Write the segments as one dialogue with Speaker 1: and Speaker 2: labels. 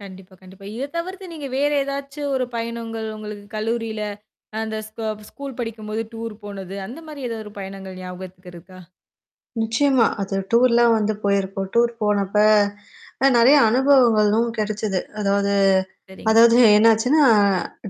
Speaker 1: கண்டிப்பா, கண்டிப்பா. இத தவிர்த்து நீங்க வேற ஏதாச்சும் ஒரு பயணங்கள் உங்களுக்கு கல்லூரியில. அந்த ஸ்க ஸ்கூல் படிக்கும்போது டூர் போனது அந்தமாரி ஏதாவது ஒரு பயணங்கள் ஞாபகத்துக்கு இருக்கா?
Speaker 2: நிச்சயமா. அது டூர்லாம் வந்து போயிருக்கும். டூர் போனப்ப அ நெறைய அனுபவங்களும் கெடைச்சது. அதாவது
Speaker 1: சரிங்க.
Speaker 2: அதாவது என்னாச்சுன்னா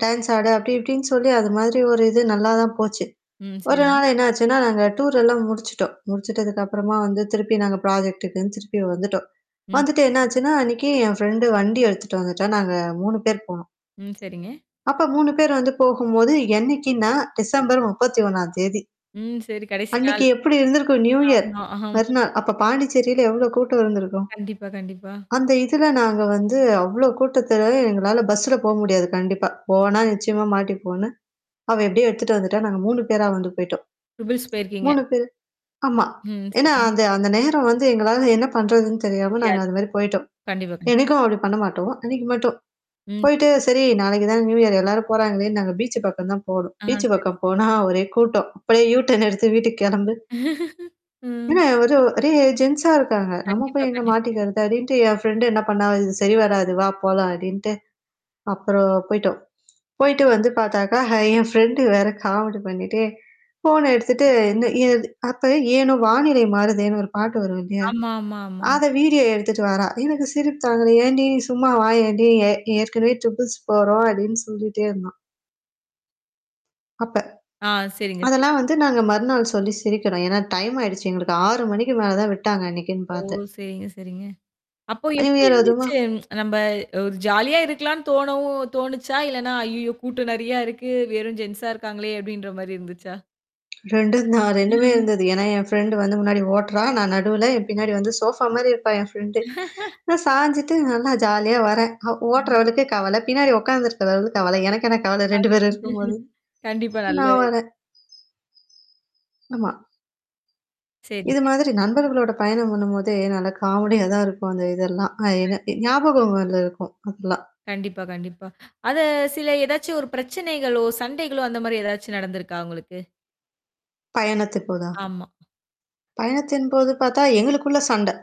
Speaker 2: டான்ஸ் ஆட அப்பிடி இப்பிடின்னு சொல்லி அதுமாதிரி ஒரு இது நல்லா தான் போச்சு.
Speaker 1: ம்.
Speaker 2: ஒரு
Speaker 1: சரிங்க.
Speaker 2: நாள் என்னாச்சுன்னா, நாங்க டூர் எல்லாம் முடிச்சுட்டோம். முடிச்சுட்டதுக்கு அப்புறமா வந்து திருப்பி நாங்க ப்ராஜெக்ட்டுக்ன்னு திருப்பி வந்துட்டோம்.
Speaker 1: ம்.
Speaker 2: வந்துட்டு
Speaker 1: சரிங்
Speaker 2: என்னாச்சுன்னா, அன்னக்கி என் ஃபிரண்ட் வண்டி எடுத்துட்டு வந்துட்டா. நாங்க 3 பேர் போனோம்.
Speaker 1: ம். சரிங்க.
Speaker 2: அப்ப 3 பேர் வந்து போகும்போது என்னைக்கின்னா டிசம்பர் 31ம் தேதி
Speaker 1: ம். சரி, கடைசி
Speaker 2: அன்னக்கி
Speaker 1: நாள்.
Speaker 2: எப்பிடி இருந்திருக்கும்? நியூ இயர்
Speaker 1: ஆமா, ஆமா.
Speaker 2: மறுநாள் அப்ப பாண்டிச்சேரியில எவ்ளோ கூட்டம் இருந்திருக்கும்?
Speaker 1: கண்டிப்பா, கண்டிப்பா.
Speaker 2: அந்த இதுல நாங்க வந்து அவ்ளோ கூட்டத்துல எங்களால பஸ்ல போ முடியாது கண்டிப்பா. போனா நிச்சயமா மாட்டிப்போன்னு, அவ எப்பிடியே எடுத்துட்டு வந்துட்டா, நாங்க 3 பேரா வந்து போயிட்டோம்.
Speaker 1: ட்ரிபிள்ஸ் போயிருக்கீங்க.
Speaker 2: 3 பேரு ஆமா.
Speaker 1: ம்.
Speaker 2: ஏன்னா,
Speaker 1: சரிங்க.
Speaker 2: அந்த அந்த நேரம் வந்து எங்களால என்ன பண்றதுன்னு தெரியாம நாங்க
Speaker 1: தெரியாது
Speaker 2: அதுமாரி போயிட்டோம்.
Speaker 1: கண்டிப்பா, கண்டி
Speaker 2: என்னைக்கும் அப்பிடி பண்ண மாட்டோம். அன்னக்கி மட்டும்.
Speaker 1: ம். சரி
Speaker 2: போயிட்டு சரி நாளைக்கு தான் நியூஇயர் எல்லாரும் போறாங்களே! நாங்க பீச் பக்கம் தான் போனோம்.
Speaker 1: ஆ சரி,
Speaker 2: பீச்
Speaker 1: சரி.
Speaker 2: பக்கம் போனா ஒரே கூட்டம். அப்பிடியே யூட்டர்ன் எடுத்து வீட்டுக்கு கெளம்பு.
Speaker 1: ம்.
Speaker 2: ஏன்னா ஒரு ஒரே ஜென்ஸா இருக்காங்க. நம்ம
Speaker 1: கண்டிப்பா,
Speaker 2: போய் எங்க
Speaker 1: கண்டிப்
Speaker 2: மாட்டிகிறதா அப்பிடின்ட்டு என் ஃப்ரெண்ட் என்ன பண்ணா, இது சரி வராது "வா! போலாம்" அப்பிடின்ட்டு. அப்புறம் போயிட்டோம் போயிட்டு வந்து பாத்தாக்கா! ஆ என் ஃப்ரெண்ட் வேற காமெடி பண்ணிட்டு. ஃபோன எடுத்துட்டு இந் இது இது து அப்ப ஏனோ வானிலை மாறுதேன்னு ஒரு பாட்டு வரும் இல்லயா!
Speaker 1: ஆமா, ஆமா, ஆமா.
Speaker 2: அத வீடியோ எடுத்துட்டு வாரா. எனக்கு சிரிப்பு தாங்கல. ஏன்டி! சும்மா வாயேன்டி! ஏ ஏற்கனவே ட்ரிப்ள்ஸ் போறோம் அப்பிடின்னு சொல்லிட்டே இருந்தோ! அப்ப.
Speaker 1: ஆ. சரிங்க, சரி.
Speaker 2: அதெல்லாம் வந்து நாங்க மறுநாள் சொல்லி சிரிக்கிறோம். ஏன்னா டைம் ஆயிடுச்சு. எங்களுக்கு 6:00 மணிக்கு மேல தான் விட்டாங்க அன்னக்கின்னு
Speaker 1: ஓ!
Speaker 2: பாத்து.
Speaker 1: சரிங்க, சரிங்க. அப்போ எப்பிடி
Speaker 2: நியூஇயர் அதுமா
Speaker 1: இருந்துச்சு நம்ப ஒரு ஜாலியா இருக்கலான்னு தோணவும் தோணுச்சா? இல்லன்னா, ஐயய்யோ! கூட்டம் நெறையா இருக்கு. வெறும் ஜென்ஸா இருக்காங்களே! அப்பிடின்றமாரி இருந்துச்சா?
Speaker 2: 2ம் தான் 2 மே இருந்தது. ஏன்னா என் ஃரெண்ட் வந்து முன்னாடி ஓட்டுறா. நான் நடுவுல, என் பின்னாடி வந்து சோஃபா மாரி இருப்பா என் ஃப்ரெண்ட் நான் சாஞ்சுட்டு நல்லா ஜாலியா வரேன். அ
Speaker 1: அ.
Speaker 2: ஓட்டுறவளுக்கு கவல. பின்னாடி உட்காந்துருக்கிறவளுக்கு கவல. எனக்கென கவல 2
Speaker 1: அது
Speaker 2: பேரும் இருக்கும்போது.
Speaker 1: கண்டிப்பா நல்ல
Speaker 2: நான் வரேன். ஆமா. இது
Speaker 1: சரிங்க.
Speaker 2: மாதிரி நண்பர்களோட பயணம் பண்ணும்போதே நல்லா காமெடியா தான் இருக்கும் அந்த இதெல்லாம். அ
Speaker 1: கண்
Speaker 2: என்ன ஞாபகங்கள்ல இருக்கும். அதெல்லாம்.
Speaker 1: கண்டிப்பா, கண்டிப்பா. அத சில ஏதாச்சும் ஒரு பிரச்சனைகளோ! சண்டைகளோ! அந்த மாரி ஏதாச்சும் நடந்திருக்கா உங்களுக்கு?
Speaker 2: பயணத்தின்போதா!
Speaker 1: ஆமா.
Speaker 2: பயணத்தின்போது பாத்தா எங்களுக்குள்ள சண்ட.